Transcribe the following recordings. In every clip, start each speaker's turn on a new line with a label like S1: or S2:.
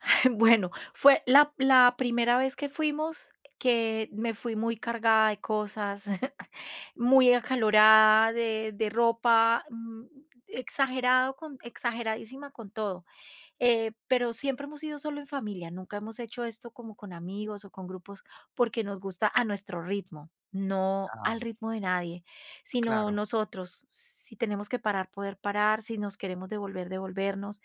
S1: Bueno, fue la p la primera vez que fuimos, que me fui muy cargada de cosas, muy acalorada de de ropa, mm, exagerado con exageradísima con todo, eh, pero siempre hemos sido solo en familia, nunca hemos hecho esto como con amigos o con grupos, porque nos gusta a nuestro ritmo, no
S2: Ajá.
S1: al ritmo de nadie, sino
S2: Claro.
S1: nosotros, si tenemos que parar, poder parar, si nos queremos devolver, devolvernos.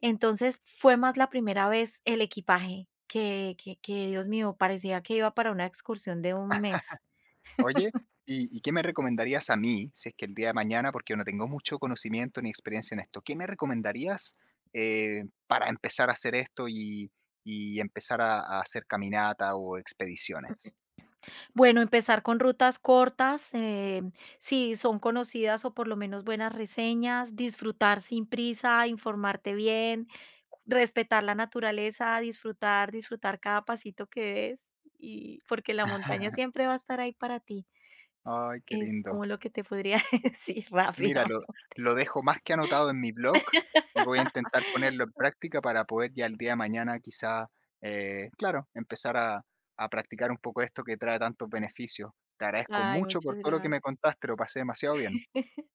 S1: Entonces, fue más la primera vez el equipaje, que que que, Dios mío, parecía que iba para una excursión de un mes.
S2: Oye, ¿y y qué me recomendarías a mí? Si es que el día de mañana, porque yo no tengo mucho conocimiento ni experiencia en esto, ¿qué me recomendarías, eh, para empezar a hacer esto y y empezar a a hacer caminata o expediciones?
S1: Bueno, empezar con rutas cortas, eh, si son conocidas o por lo menos buenas reseñas, disfrutar sin prisa, informarte bien, respetar la naturaleza, disfrutar, disfrutar cada pasito que des y porque la montaña siempre va a estar ahí para ti.
S2: Ay, qué
S1: Es
S2: lindo.
S1: como lo que te podría decir
S2: Mira, lo
S1: rápidamente.
S2: lo dejo más que anotado en mi blog, y voy a intentar ponerlo en práctica para poder ya el día de mañana quizá, eh, claro, empezar a a practicar un poco esto que trae tantos beneficios. Te agradezco
S1: Ay,
S2: mucho
S1: muchas
S2: por todo lo que me
S1: gracias.
S2: contaste, lo pasé demasiado bien.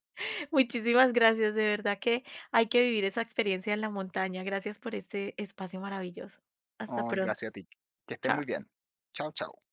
S1: Muchísimas gracias, de verdad que hay que vivir esa experiencia en la montaña. Gracias por este espacio maravilloso. Hasta
S2: Ay,
S1: pronto.
S2: gracias a ti. Que estés
S1: Chao.
S2: muy bien. Chao, chao.